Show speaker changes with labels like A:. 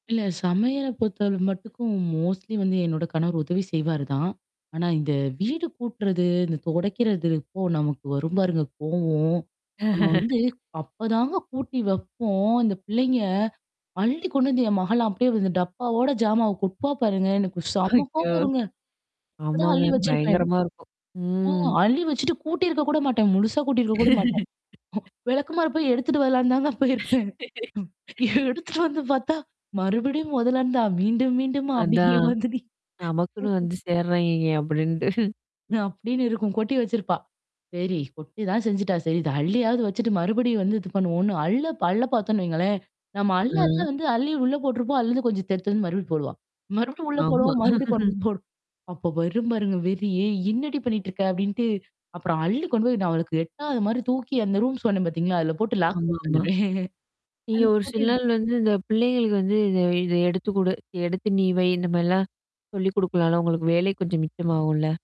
A: இல்ல சமையல பொறுத்தவல மட்டுக்கும் மோஸ்ட்லி வந்து என்னோட கணவர் உதவி செய்வாரு தான். ஆனா, இந்த வீடு கூட்டுறது, இந்த தொடைக்கிறது அப்போ நமக்கு வரும் பாருங்க கோவோம். நம்ம வந்து அப்பதாங்க கூட்டி வப்போம், இந்த பிள்ளைங்க. அள்ளி கொண்டு வந்து என் மகலாம் அப்டியே வந்து டப்பாவோட ஜாமாவ கொட்டுவா பாருங்க. எனக்கு செம கோவம்
B: ஐய்யோ!
A: வருங்க. அப்ப தான்
B: ஆமாங்க.
A: அள்ளி வச்சிருப்பேன்.
B: பயங்கரமா இருக்கும்.
A: ஓ!
B: ம்.
A: அள்ளி வச்சுட்டு கூட்டியிருக்க கூட மாட்டேன். முழுசா கூட்டியிருக்க கூட மாட்டேன். [unintelligible] விளக்குமார போய் எடுத்துட்டு வரலனு தாங்க போயிருப்பேன். [unintelligible] எடுத்துட்டு வந்து பார்த்தா, மறுபடியும் முதல இருந்தா மீண்டும், மீண்டும்மா அப்படிங்கிற
B: அதான்.
A: மாதிரி.
B: நமக்குன்னு வந்து சேர்றாயங்கங்க! அப்டின்ட்டு.
A: அப்டின்னு இருக்கும். கொட்டி வச்சிருப்பா. சரி கொட்டி தான் செஞ்சுட்டா சரி. இது அள்ளியாவது வச்சுட்டு மறுபடியும் வந்து இது பண்ணுவோம்ன்னு அள்ளு அள்ள பாரத்தோம்ன்னு வைங்களேன். நம்ம அள்ள அள்ள
B: அ.
A: வந்து அள்ளி உள்ள போட்டுருப்போம். அதுலருந்து கொஞ்சம் தெடுத்து வந்து மறுபடிய போடுவான். மறுபடியும் உள்ள
B: ஆமா.
A: போடுவோம். மறுபடியும் கொண்டு போடும். அப்ப பரும் பாருங்க வெறி "ஏய்! என்னடி பண்ணிட்டுருக்க" அப்ப்டின்ட்டு அப்புறம் அள்ளி கொண்டு போய் நான் அவளுக்கு எட்டாத மாரி தூக்கி அந்த ரூம் சொன்னேன் பாத்தீங்களா? அதில போட்டு லாக் பண்ணிட்டு
B: ஆமாமா.
A: வந்துருவேன்.
B: நீங்க
A: அது
B: ஒரு சில
A: பூட்டி
B: நாள் வந்து இந்த பிள்ளைங்களுக்கு வந்து இத இத எடுத்து குடு, எடுத்து நீ வை இந்த மாரிலாம். சொல்லி குடுக்கலால, உங்களுக்கு வேலை கொஞ்சம் மிச்சமாகும்ல.